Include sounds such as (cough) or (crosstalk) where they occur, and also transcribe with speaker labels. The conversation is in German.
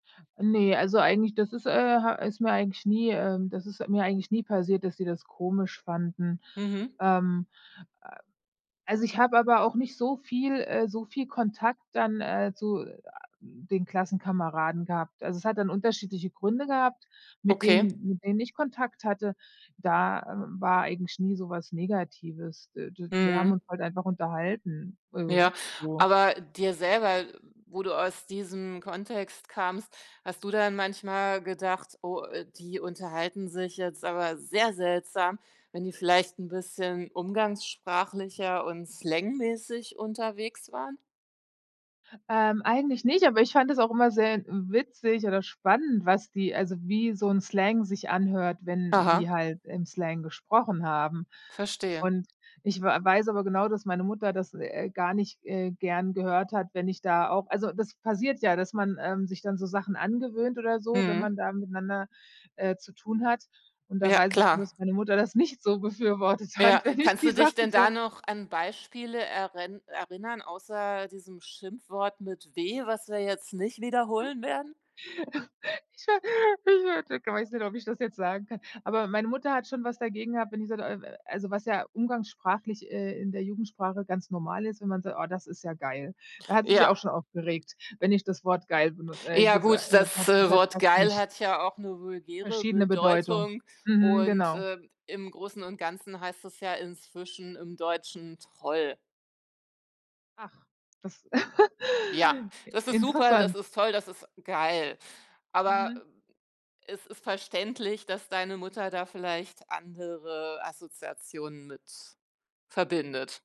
Speaker 1: Ne, also, eigentlich das ist, äh, ha ist mir eigentlich, nie ähm, das ist mir eigentlich nie passiert, dass sie das komisch fanden.
Speaker 2: Mhm.
Speaker 1: Ähm, äh, also, ich habe aber auch nicht so viel äh, soviel Kontakt dann, äh, zu, äh, den Klassenkameraden gehabt. Also, es hat dann unterschiedliche Gründe gehabt, mit
Speaker 2: Okay.
Speaker 1: denen mit wem ich Kontakt hatte. Da, äh, war eigentlich nie so was Negatives. Äh, d wir haben uns
Speaker 2: Mhm.
Speaker 1: halt einfach unterhalten,
Speaker 2: Ja,
Speaker 1: ähm, so.
Speaker 2: aber dir selber wo du aus diesem Kontext kamst, hast du dann manchmal gedacht: „Oh, äh, die unterhalten sich jetzt aber sehr seltsam.“ wenn die vielleicht 'n bisschen umgangssprachlicher und slangmäßig unterwegs waren?
Speaker 1: Ähm, eigentlich nicht, aber ich fand es auch immer sehr witzig oder spannend, was die also, wie so 'n Slang sich anhört, wenn
Speaker 2: Aha.
Speaker 1: die halt im Slang gesprochen haben.
Speaker 2: Verstehe.
Speaker 1: Und ich w weiß aber genau, dass meine Mutter das, äh, gar nicht, äh, gern gehört hat, wenn ich da auch also, das passiert ja, dass man, ähm, sich dann so Sachen angewöhnt oder so, wenn
Speaker 2: Mhm.
Speaker 1: man da miteinander, äh, zu tun hat. Und da
Speaker 2: Ja,
Speaker 1: weiß ich nur,
Speaker 2: klar.
Speaker 1: dass meine Mutter das nicht so befürwortet hat,
Speaker 2: Ja.
Speaker 1: wenn ich
Speaker 2: Kannst
Speaker 1: die
Speaker 2: du dich
Speaker 1: Sachen
Speaker 2: denn da
Speaker 1: so
Speaker 2: noch an Beispiele erin erinnern außer diesem Schimpfwort mit w, was wir jetzt nicht wiederholen werden?
Speaker 1: (chuckles) Ich wa (unintelligible) ich weiß nicht, ob ich das jetzt sagen kann. Aber meine Mutter hat schon was dagegen gehabt, wenn ich so, d äh, w also, was ja umgangssprachlich, äh, in der Jugendsprache ganz normal ist, wenn man sagt: „Oh, das ist ja geil.“ Da hat sie sich
Speaker 2: Ja.
Speaker 1: auch schon aufgeregt, wenn ich das Wort geil, benu äh,
Speaker 2: Ja,
Speaker 1: gesa
Speaker 2: gut,
Speaker 1: äh,
Speaker 2: das,
Speaker 1: hat
Speaker 2: äh,
Speaker 1: gesagt
Speaker 2: Wort
Speaker 1: hast du
Speaker 2: „geil“
Speaker 1: nicht.
Speaker 2: hat ja auch 'ne vulgäre
Speaker 1: Verschiedene Bedeutung.
Speaker 2: Bedeutung.
Speaker 1: Mhm,
Speaker 2: Und,
Speaker 1: genau.
Speaker 2: ähm, im Großen und Ganzen heißt es ja inzwischen im Deutschen „toll.“
Speaker 1: Ach, das, (chuckles)
Speaker 2: Ja,
Speaker 1: äh,
Speaker 2: das ist super, das
Speaker 1: interessant.
Speaker 2: ist toll, das ist geil. Aber,
Speaker 1: Mhm.
Speaker 2: äh, es ist verständlich, dass deine Mutter da vielleicht andere Assoziationen mit verbindet.